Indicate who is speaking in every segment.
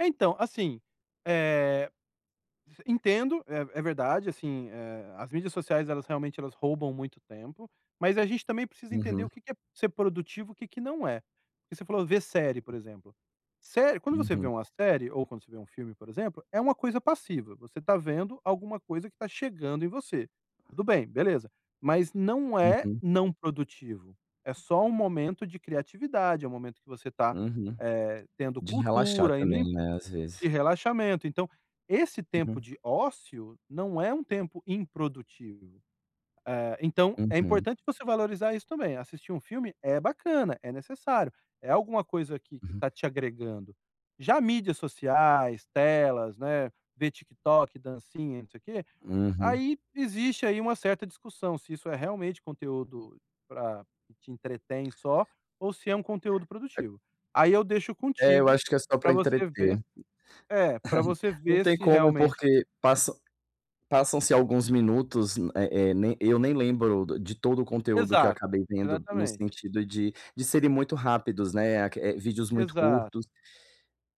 Speaker 1: É, então, assim, eh, entendo. É é verdade, assim, eh, as mídias sociais, elas realmente, elas roubam muito tempo. Mas a gente também precisa entender
Speaker 2: Uhum.
Speaker 1: o que que é ser produtivo, o que que não é. Porque você falou: "Ver série", por exemplo. Série quando você vê
Speaker 2: Uhum.
Speaker 1: uma série ou quando você vê um filme, por exemplo, é uma coisa passiva. Você tá vendo alguma coisa que tá chegando em você. Tudo bem, beleza. Mas não é
Speaker 2: Uhum.
Speaker 1: não produtivo. É só um momento de criatividade. É um momento que você tá,
Speaker 2: Uhum.
Speaker 1: eh, tendo
Speaker 2: De relaxar
Speaker 1: cultura,
Speaker 2: também,
Speaker 1: indo
Speaker 2: né, às vezes.
Speaker 1: e relaxamento. Então esse tempo
Speaker 2: Uhum.
Speaker 1: de ócio não é um tempo improdutivo. Eh, então é
Speaker 2: Uhum.
Speaker 1: importante você valorizar isso também. Assistir um filme é bacana. É necessário. É alguma coisa aqui que
Speaker 2: Uhum.
Speaker 1: está te agregando. Já mídias sociais, telas, né, ver TikTok, dancinha, não sei o quê,
Speaker 2: Uhum.
Speaker 1: aí, existe, aí, uma certa discussão se isso é realmente conteúdo pra que te entretém só ou se é um conteúdo
Speaker 2: E
Speaker 1: produtivo. Aí eu deixo
Speaker 2: É, eu
Speaker 1: contigo
Speaker 2: acho que é só
Speaker 1: pra
Speaker 2: pra
Speaker 1: você ve
Speaker 2: entreter.
Speaker 1: É, pra você
Speaker 2: Não
Speaker 1: ver
Speaker 2: tem
Speaker 1: se
Speaker 2: como,
Speaker 1: realmente
Speaker 2: porque passam passam-se alguns minutos, m eh eh, nem eu nem lembro do de todo o conteúdo que eu
Speaker 1: Exato,
Speaker 2: acabei vendo no
Speaker 1: exatamente.
Speaker 2: sentido de de serem muito rápidos, né, a que eh, vídeos muito
Speaker 1: Exato.
Speaker 2: curtos.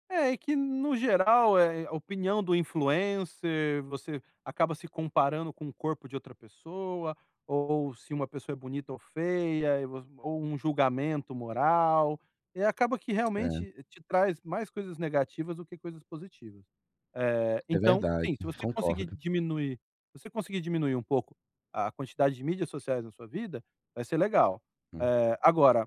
Speaker 1: É, e que, no geral, é a opinião do influencer. Você acaba se comparando com o corpo de outra pessoa, ou se uma pessoa é bonita ou feia e vo ou um julgamento moral. E acaba que
Speaker 2: É.
Speaker 1: realmente te traz mais coisas negativas do que coisas positivas. Eh,
Speaker 2: É
Speaker 1: então,
Speaker 2: verdade,
Speaker 1: sim, se você conseguir
Speaker 2: concordo.
Speaker 1: diminuir se você conseguir diminuir um pouco a quantidade de mídias sociais na sua vida, vai ser legal.
Speaker 2: Hum.
Speaker 1: Eh, agora,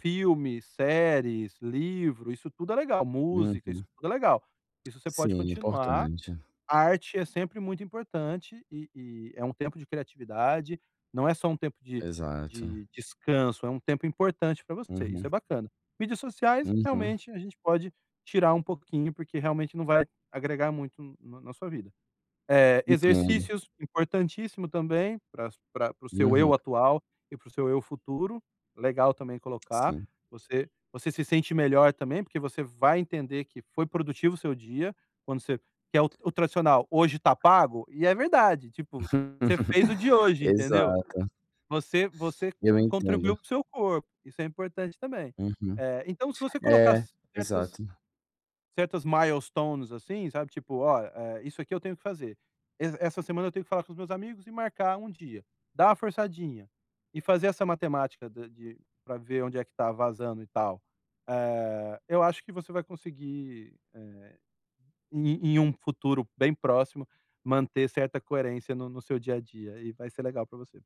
Speaker 1: filmes, séries, livro, isso tudo é legal. Música. Isso
Speaker 2: Uhum.
Speaker 1: tudo é legal. Isso você pode
Speaker 2: Sim, é
Speaker 1: continuar.
Speaker 2: importante.
Speaker 1: A arte é sempre muito importante. E e é um tempo de criatividade. Não é só um tempo de
Speaker 2: Exato.
Speaker 1: de descanso. É um tempo importante pra você. Isso
Speaker 2: Uhum.
Speaker 1: é bacana. Mídias sociais,
Speaker 2: Uhum.
Speaker 1: realmente, a gente pode tirar um pouquinho, porque realmente não vai agregar muito no na sua vida. Eh,
Speaker 2: Entendo.
Speaker 1: exercícios, importantíssimo também pra su pra pra o seu eu
Speaker 2: Uhum.
Speaker 1: atual e para o seu eu futuro. Legal também colocar.
Speaker 2: Sim.
Speaker 1: Você você se sente melhor também. Porque você vai entender que foi produtivo o seu dia. Quando você que é o tradicional: “Hoje está pago”. E é verdade. Tipo, você fez o de hoje, entendeu?
Speaker 2: Exato.
Speaker 1: Você você
Speaker 2: Eu entendo.
Speaker 1: con-contribuiu para o seu corpo. Isso é importante também.
Speaker 2: Uhum.
Speaker 1: Eh, então, se você colocar
Speaker 2: É,
Speaker 1: certas
Speaker 2: exato.
Speaker 1: certas milestones, assim, sabe? Tipo: “Ó, hã, isso aqui eu tenho que fazer. E essa semana eu tenho que falar com os meus amigos e marcar um dia”. Dar uma forçadinha. E fazer essa matemática da de pra ver onde é que tá vazando e tal. Eh, eu acho que você vai conseguir, eh, em em um futuro bem próximo, manter certa coerência no seu dia a dia. E vai ser legal pra você.